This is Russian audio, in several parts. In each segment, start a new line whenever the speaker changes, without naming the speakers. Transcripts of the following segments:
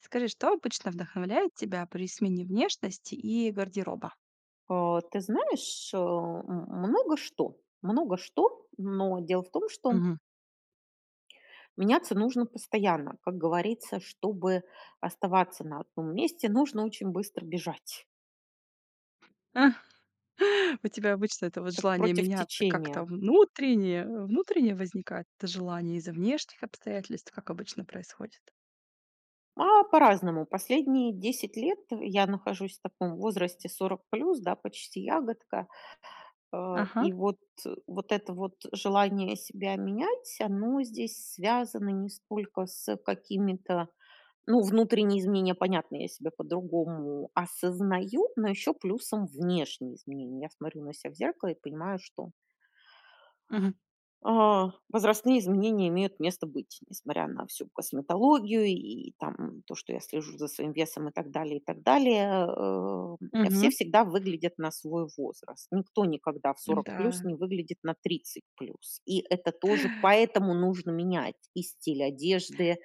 Скажи, что обычно вдохновляет тебя при смене внешности и гардероба?
А, ты знаешь, э, м много что. Много что, но дело в том что
Мгм.
меняться нужно постоянно. Как говорится, чтобы оставаться на одном месте, нужно очень быстро бежать.
У тебя обычно это вот
Как
желание
против
меняться как-то
течения.
в внутренне внутренне возникает это желание, из-за внешних обстоятельств, как обычно происходит?
А по-разному, последние 10 лет я нахожусь в таком возрасте 40 плюс, да, почти ягодка. Э,
Ага.
и вот, вот это вот желание себя менять, оно здесь связано не сколько с, э, какими-то, ну внутренние изменения, понятно, я себя по-другому осознаю, но ещё плюсом внешние изменения. Я смотрю на ся в зеркало и понимаю, что
Мгм.
а, возрастные изменения имеют место быть, несмотря на всю косметологию и там то, что я слежу за своим весом и так далее, и так далее, э, м. Все
Мгм.
всегда выглядят на свой возраст. Никто никогда в 40 плюс
М-да.
не выглядит на 30 плюс, и это тоже, поэтому нужно менять и стиль одежды,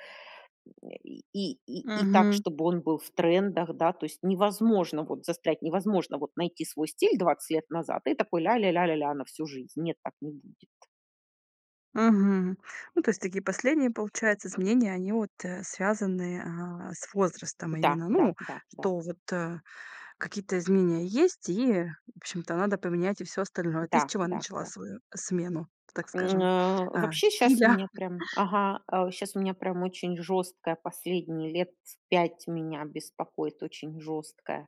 э, и и и и так,
Мгм.
чтобы он был в трендах, да, то есть невозможно вот застрять, невозможно вот найти свой стиль 20 лет назад и такой ля ля ля ля ля, на всю жизнь. Нет, так не будет.
Мгм. Ну то есть такие последние получается изменения, они вот, э, связаны, а, с возрастом
Да,
именно,
да,
ну,
да, да.
что вот, э, какие-то изменения есть, и в общем-то надо поменять и всё остальное. Ты с
Да,
чего
да,
начала
да.
свою смену, так
М,
скажем,
на
а,
вообще щас у
стиля?
меня прям, ага, а, у щас у меня прям очень жёсткая последние лет с 5 меня беспокоит очень жёсткая,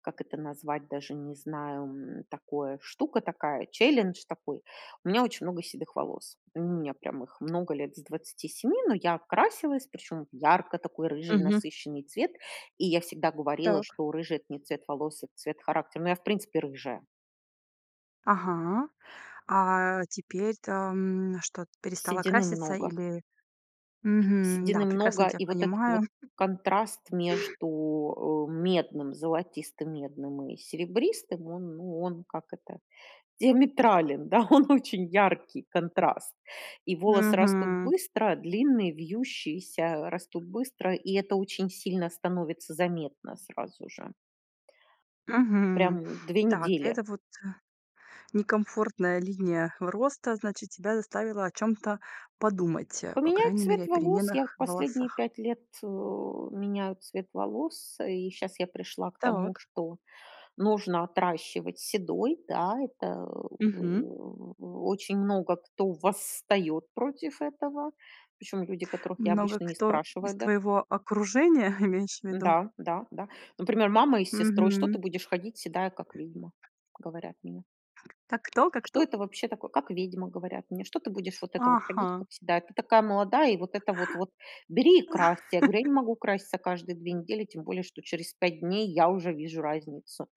как это назвать, даже не знаю, м, такое, штука такая, challenge такой. У меня очень много седых волос, у меня прям их много лет с 27, но я красилась, причём в ярко такой рыжий
Мгм.
насыщенный цвет. И я всегда говорила,
Так.
что рыжий это не цвет волос, это цвет характера, ну я в принципе рыжая.
Ага. А теперь-то, м, что, перестала
Седины
краситься?
много.
Или мгм, да,
Седины
прекрасно
много,
тя
и вот этот
понимаю.
вот контраст между, э, медным, золотистым медным и серебристым, он, ну он, как это, диаметрален, да, он очень яркий контраст, и волосы растут
Мгм.
быстро, длинные, вьющиеся, растут быстро, и это очень сильно становится заметно, сразу же.
Мгм.
Прям, 2
Так,
недели.
этот вот, э, некомфортная линия роста, значит тебя заставила о чём-то подумать, э, по
Поменять
крайней мере,
цвет
о
волос. Я
переменах в
последние
волосах.
5 лет, у меняю цвет волос, и щас я пришла к тому,
Так.
что нужно отращивать седой, да, это
Мгм.
у у очень много кто восстает против этого. Причём люди, которых я
Много
обычно не
кто из
спрашиваю, да.
твоего окружения, имеешь в виду?
Да, да, да. Например, мама и с сестрой: "Что ты
Мгм.
будешь ходить седая как ведьма?" говорят мне.
Как кто? Как
"Что
кто?
это вообще такое, как ведьма",- говорят мне,- что ты будешь вот это вот ходить
Ага.
как всегда, ты такая молодая, и вот это вот бери и красься. Я говорю: "Я не могу краситься каждые 2 недели, тем более, что через 5 дней я уже вижу разницу".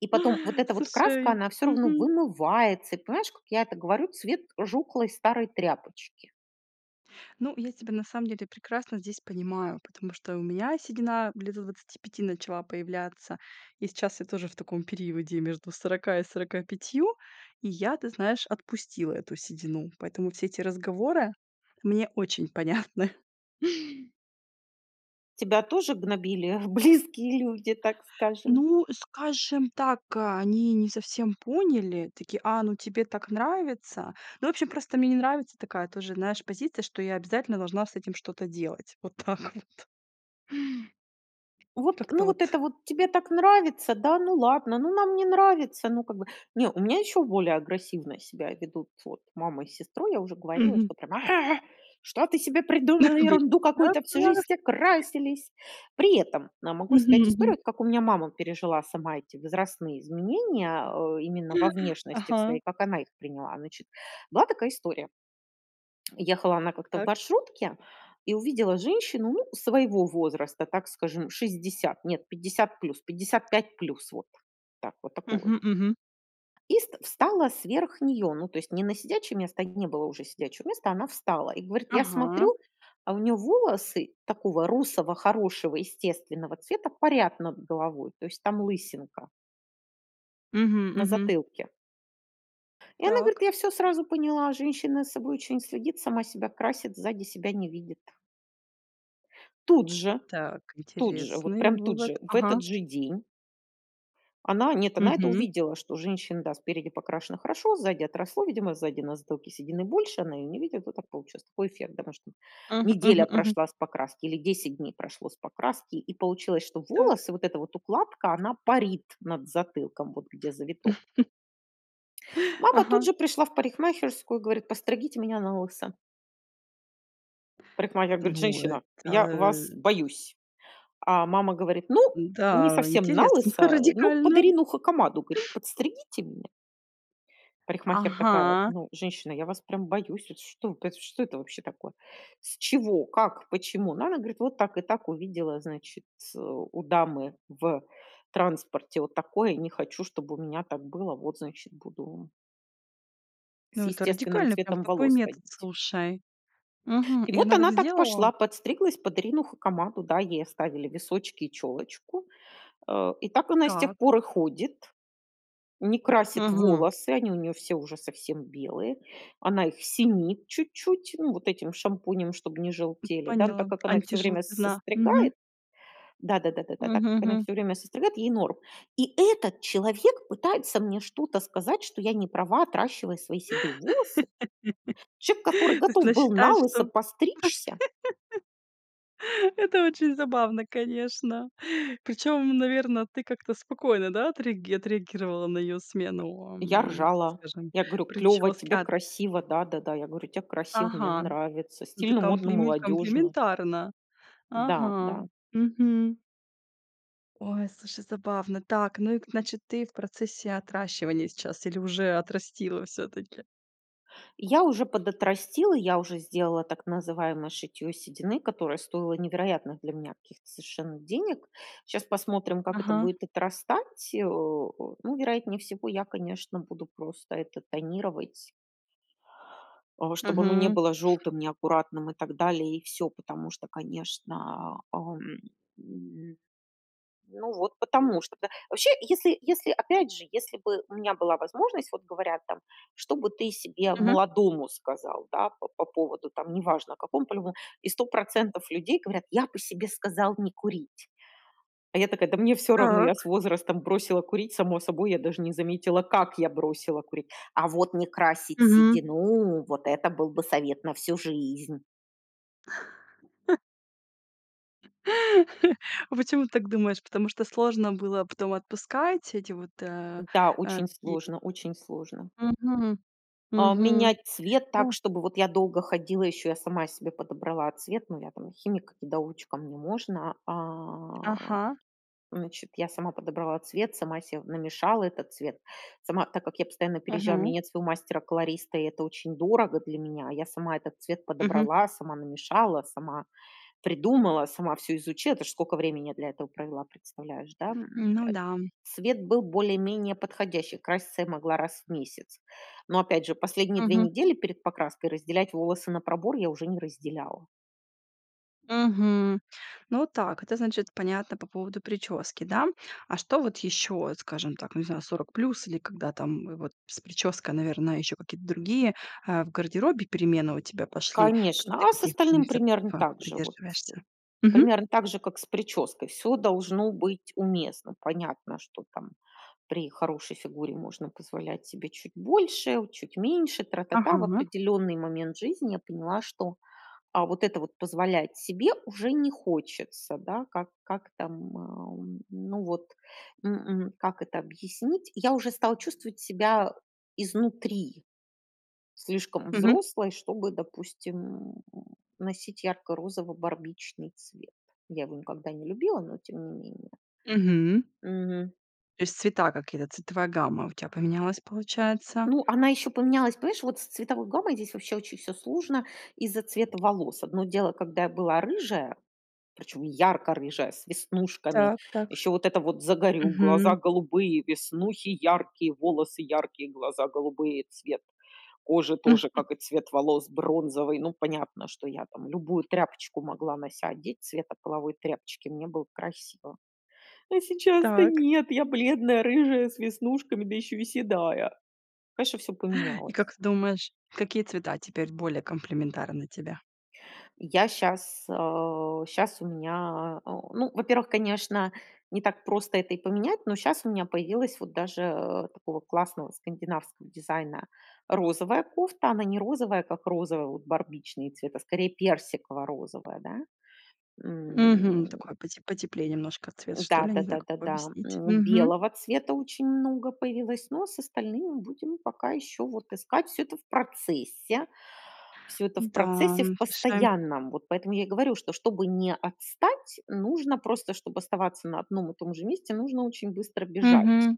И потом вот эта вот краска
Слушай,
она всё равно
мгм.
вымывается, и понимаешь, как я это говорю, цвет жухлой старой тряпочки.
Ну, я тебя на самом деле прекрасно здесь понимаю, потому что у меня седина лет до 25 начала появляться. И сейчас я тоже в таком периоде между 40 и 45, и я, ты знаешь, отпустила эту седину. Поэтому все эти разговоры мне очень понятны.
Тебя тоже гнобили близкие люди, так скажем?
Ну, скажем так, они не совсем поняли. Таки: "А, ну тебе так нравится". Ну, вообще, просто мне не нравится такая тоже, знаешь, позиция, что я обязательно должна с этим что-то делать, вот так вот.
"Вот,
Как-то
ну вот это
вот.
вот тебе так нравится, да? Ну ладно, ну нам не нравится, ну как бы". Не, у меня ещё более агрессивно себя ведут вот мама и сестру, я уже говорила-
Мгм.
что они прямо: "А! А! Что ты себе придумала? Ерунду какую-то! Всю жизнь все
[unintelligible]
красились!" При этом могу рассказать
Мгм
историю,
мгм.
от как у меня мама пережила сама эти возрастные изменения, э, именно во внешности в
Ага.
своей, как она их приняла. Значит была такая история. Ехала она как-то в
Так.
маршрутке и увидела женщину, ну, своего возраста, так скажем, 60, нет, 50 плюс, 55 плюс вот так, вот такого.
Мгм мгм.
И ст встала сверх неё, ну то есть не на сидячее место, где не было уже сидячего места, она встала и говорит: я
Ага.
смотрю, а у нее волосы такого русого хорошего естественного цвета парят над головой, то есть там лысинка
Мгм
на
мгм.
затылке. И она говорит:
Так.
"Я всё сразу поняла, женщина за собой очень следит, сама себя красит, сзади себя не видит". Тут же,
Так,
тут же, вот
интересный
прям тут
вывод,
же, в этот
ага.
же день Она нет, она это
Мгм.
увидела, что у женщины, да, спереди покрашено хорошо, сзади отросло. Видимо сзади на затылке седины больше, она ее не видит, вот так получилось. Такой эффект, домашний.
Мгм,
Неделя
мгм, мгм.
прошла с покраски, или 10 дней прошло с покраски, и получилось, что
Так.
волосы, вот эта вот укладка- она парит над затылком, вот где завиток. Мама тут
Ага.
же пришла в парикмахерскую и говорит: "Подстригите меня налысо". Парикмахер говорит:
Ну,
"Женщина, я
это
вас боюсь". А мама говорит: "Ну, не
Да,
совсем
интересно,
налысо, ну, под
радикально.
Ирину Хакамаду,"- говорит, "подстригите меня". Парикмахер такая:
Ага.
"Ну, женщина, я вас прям боюсь, вот что э т что это вообще такое? С чего, как, почему?" Ну, она говорит: "Вот так и так, увидела, значит, ц у дамы в транспорте вот такое, и не хочу, чтобы у меня так было, вот, значит буду" "с
Ну, это
естественным
радикальный прям
цветом
такой
волос
метод,
ходить".
слушай. Мгм,
И
и
вот
она так
она так
сделала?
пошла, подстриглась под Ирину Хакамаду. Да, ей оставили височки и челочку, э, и так она и с тех
Так.
пор и ходит. Не красит
Мгм.
волосы, они у неё все уже совсем белые, она их синит чуть-чуть, ну вот этим шампунем, чтобы не
М,
желтели, да. Но
поняла,
так как она их всё время с
антижелтизна, мгм.
состригает да да да да да да, так
Мгм,
как она их
мгм.
всё время состригает- ей норм. И этот человек пытается мне что-то сказать, что я не права, отращивая свои седые волосы? Человек,
То
который
есть
готов
она
был
считает,
налысо
что
постричься?
это очень забавно, конечно. Причем, наверно, ты как-то спокойно, да, отреаги отреагировала на её
Э,
смену,
я
ам, так
ржала,
скажем,
я говорю: "Клёво,
прически.
тебе
А т
красиво", да-да-да. Я говорю: "Тебе красиво, мне
Ага,
нравится,
ну, ты
стильно, модно,
комплиме
молодежно".
комплиментарно.
Да,
Ага,
да.
мгм. Ой, слушай, забавно. Так, ну и к значит, ты в процессе отращивания сейчас, или уже отрастила всё-таки?
Я уже подотрастила, я уже сделала так называемое шитье седины, которое стоило невероятных для меня каких-то совершенно денег. Щас посмотрим, как это
Ага.
будет отрастать, э, о, ну, вероятнее всего, я, конечно, буду просто это тонировать. Э, чтоб оно не
Мгм.
было желтым, неаккуратным и так далее, и всё. Потому что конечно, а, ам, м. Ну вот потому что, да. Вообще, если если, опять же, если бы у меня была возможность, вот говорят там: что бы ты себе
Мгм.
молодому сказал, да, по по поводу, там, неважно какому, по любому? И 100 % людей говорят: "Я бы себе сказал не курить". А я такая: "Да мне всё равно, я с
Так.
возрастом бросила курить само собой, я даже не заметила, как я бросила курить". А вот не красить
Мгм.
седину- вот это был бы совет на всю жизнь.
А почему ты так думаешь? Потому что сложно было потом отпускать эти вот, э,
Да,
э,
очень
такие
сложно, очень сложно.
Мгм.
А,
Мгм.
менять цвет так,
Ну
чтобы вот я долго ходила, ещё я сама себе подобрала цвет. Ну я там химик-недоучка, мне можно. А,
Ага.
значит, я сама подобрала цвет, сама се намешала этот цвет. Сама, так как я постоянно переезжала, у меня
Мгм.
нет своего мастера-колориста, и это очень дорого для меня, я сама этот цвет
Мгм.
подобрала, сама намешала, сама придумала, сама всё изучила. Это ж сколько времени для я этого провела, представляешь, да? М,
Ну
э,
да.
цвет был более-менее подходящий, краситься я могла раз в месяц. Но, опять же, последние 2
Мгм.
недели перед покраской разделять волосы на пробор- я уже не разделяла.
Мгм. Ну, так, это, значит, понятно, по поводу прически, да. А что вот ещё, скажем так, ну, не знаю, 40+, или когда там, вот, с прической, наверное, ещё какие-то другие, а, в гардеробе перемены у тебя пошли, тут ты
Конечно. А с
каких
остальным
принципов,
примерно
а,
так же, вот с
придерживаешься? Мгм.
примерно так же, как с прической. Всё должно быть уместно. Понятно, что, там, при хорошей фигуре можно позволять себе чуть больше, у чуть меньше, тра та та. В
Ага.
определенный момент жизни я поняла, что, а, вот это вот позволять себе уже не хочется, да. Как как там, м, а, у, ну, вот, м, м, как это объяснить? Я уже стала чувствовать себя изнутри слишком
Мгм.
взрослой, чтобы, допустим, м, носить ярко-розово-барбичный цвет. Я его никогда не любила, но тем не менее.
Мгм.
Мгм.
То есть цвета какие-то, цветовая гамма у тя поменялась, получается?
Ну она ещё поменялась, понимаешь, вот с цветовой гаммой здесь вообще очень всё сложно из-за цвета волос. Одно дело, когда я была рыжая, причём ярко рыжая, с веснушками.
Так, так.
Ещё вот это вот загорю, глаза
Мгм.
голубые, веснухи яркие, волосы яркие, глаза голубые- цвет, кожа тоже, как и цвет волос, бронзовый. Ну, понятно, что я, там, любую тряпочку могла на ся одеть цвета половой тряпочки, мне было красиво. Но сейчас-то-
Так.
нет, я бледная, рыжая, с веснушками, да ещё и седая. Конечно, всё
И
поменялось.
как ты думаешь, какие цвета теперь более комплиментарны тебе?
Я щас, а, щас у меня, а, о, ну, во-первых, конечно, не так просто это и поменять, но щас у меня появилась вот даже, э, такого классного скандинавского дизайна розовая кофта. Она не розовая, как розовый, вот барбичный цвет, а скорее персиково-розовая, да,
Мгм.
м.
Такой поте потеплее немножко цвет, что
Да
ли, не
да да
знаю, как
да
его
да.
объяснить,
М,
мгм.
белого цвета очень много появилось, но с остальным будем пока еще вот искать, всё это в процессе, всё это в
М-да,
процессе
м,
в
слушай.
постоянном. Вот поэтому я и говорю, что чтобы не отстать, нужно просто, чтоб оставаться на одном и том же месте, нужно очень быстро бежать.
Мгм.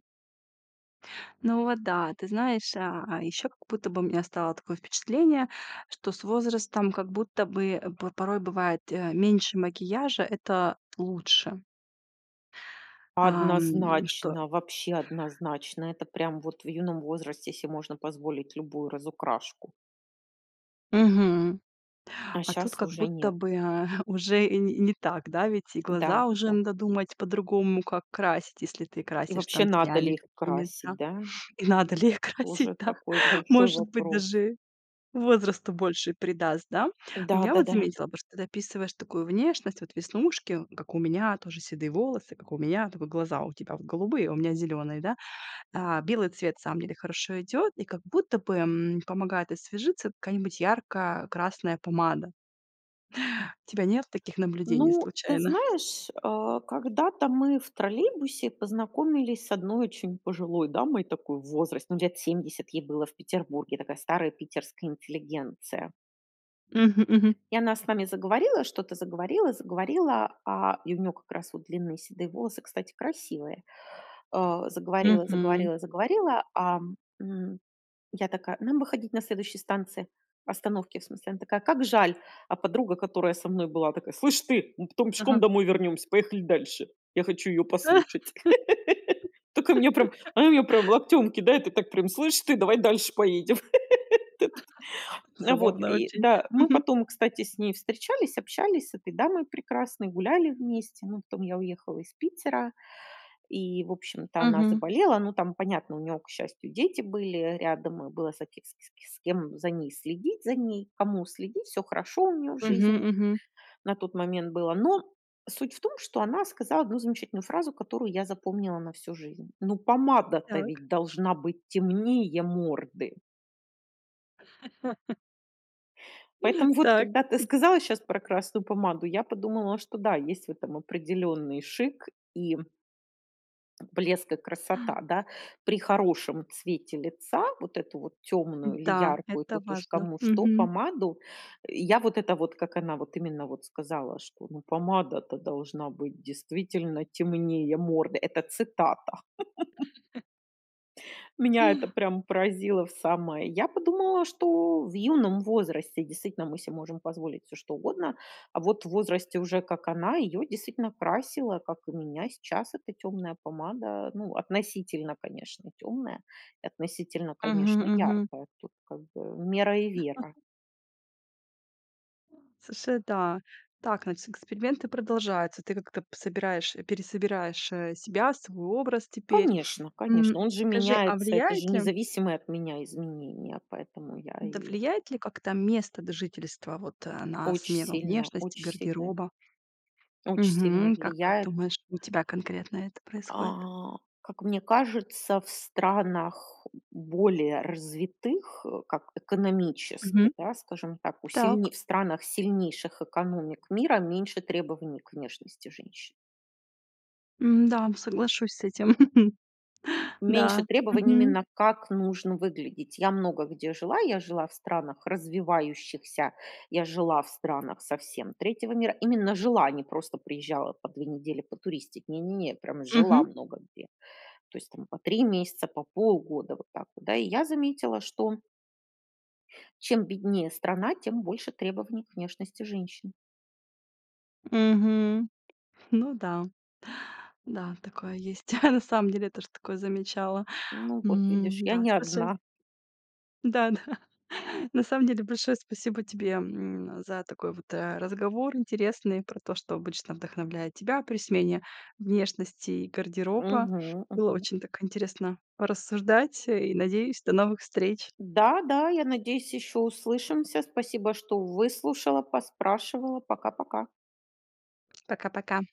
Ну вот да, ты знаешь, а, а ещё как будто бы у меня стало такое впечатление, что с возрастом, как будто бы, э, п порой бывает, э, меньше макияжа- это лучше. Ам, что
Однозначно, вообще однозначно! Это прям вот в юном возрасте се можно позволить любую разукрашку.
Мгм.
А
А тут,
щас
как
уже
будто
нет.
бы, э, уже и не и не так, да, ведь и
Да,
глаза уже
да,
надо
да.
думать по-другому, как красить, если ты
И
красишь
вообще
там
надо
тенями
ли их красить,
какими-то.
да?
И надо ли их красить,
Тоже
да?
такой большой
Может быть,
вопрос.
даже возрасту больше придаст, да? Но
Да,
я вот
да-да.
заметила бы, что ты описываешь такую внешность, вот веснушки- как у меня, тоже седые волосы- как у меня, только глаза у тебя вот голубые, а у меня зелёные, да. А, белый цвет, на самом деле, хорошо идет, и как будто бы, м, помогает освежиться какая-нибудь ярко-красная помада. У тебя нет таких наблюдений
Ну, ты
случайно?
знаешь, а, когда-то мы в троллейбусе познакомились с одной очень пожилой дамой такой в возрасте, ну, лет 70 ей было в Петербурге, такая старая питерская интеллигенция.
Мгм, мгм.
И она с нами заговорила, что-то заговорила, заговорила, а, и у неё как раз вот длинные седые волосы, кстати, красивые. А, заговорила,
Мгм.
заговорила, заговорила, ам, м, я такая: "Нам выходить на следующей станции, остановке в смысле". Она такая: "Как жаль". А подруга, которая со мной была, такая: "Слышь ты, мы потом пешком
Ага.
домой вернемся, поехали дальше, я хочу её послушать". Такая меня прям, она меня прям локтем кидает, и так прям: "Слышь ты, давай дальше поедем". Вот этот. На, вот.
Забавно
И,
очень.
да, мы
Мгм.
потом, кстати, с ней встречались, общались с этой дамой прекрасной, гуляли вместе, ну, потом я уехала из Питера. И, в общем-то, она
Мгм.
заболела, ну, там понятно, у нее, к счастью, дети были, э, рядом, и было за кем с с с кем за ней следить, за ней кому следить, всё хорошо у нее в
Мгм,
жизни
мгм.
на тот момент было. Но суть в том, что она сказала 1 замечательную фразу, которую я запомнила на всю жизнь: "Ну помада-то
Так.
ведь должна быть темнее морды". Поэтому вот
Так.
когда ты сказала щас про красную помаду, я подумала, что да, есть в этом определенный шик, и блеск, и красота, да. При хорошем цвете лица вот эту вот тёмную или
Да,
яркую,
это
тут уж
важно.
кому что,
Мгм.
помаду, я вот это вот, как она вот, именно, вот, сказала, что: "Ну помада-то должна быть действительно темнее морды."- Это цитата. Меня это прям поразило в самое. Я подумала, что в юном возрасте действительно мы се можем позволить всё что угодно, а вот в возрасте уже, как она, ее действительно красило, как и меня сейчас, эта тёмная помада. Ну, относительно конечно тёмная. И относительно конечно
Мгм, мгм.
яркая, тут, как бы, мера и вера.
Слушай, да. Так, значит, эксперименты продолжаются. Ты как-то п собираешь пересобираешь, э, себя, свой образ теперь.
Конечно,
М,
конечно, он же
скажи, а
меняется, это же
влияет ли
независимые от меня изменения, поэтому я
да,
и
влияет ли как-то место д жительства вот, а, на
Оч
смену
сильно, оч
внешности,
сильно
гардероба?
оч сильно
Мгм. Как как,
влияет.
думаешь, у тебя конкретно это происходит?
А, как мне кажется, в странах более развитых, э, как
Мгм.
экономически, да, скажем так, у сильне
Так.
в странах сильнейших экономик мира меньше требований к внешности женщин.
М-да, соглашусь с этим.
Меньше
Да.
требований
Мгм.
именно как нужно выглядеть. Я много где жила, я жила в странах развивающихся, я жила в странах совсем третьего мира, именно жила, а не просто приезжала по 2 недели потуристить. Не не не, прям жила
Мгм.
много где. То есть там по 3 месяца, по полгода, вот так вот, да. И я заметила, что чем беднее страна, тем больше требований к внешности женщин.
Мгм. Ну да, да, такое есть. На самом деле, я тоже такое замечала.
Ну вот видишь,
М,
я
да,
не
слушай.
одна.
Да, да. На самом деле большое спасибо тебе, м, за такой вот, э, разговор интересный, про то, что обычно вдохновляет тебя при смене внешности и гардероба.
Мгм,
Было
мгм.
очень так интересно порассуждать, э, и, надеюсь, до новых встреч.
Да, да, я надеюсь, еще услышимся. Спасибо что выслушала, поспрашивала. Пока-пока.
Пока-пока.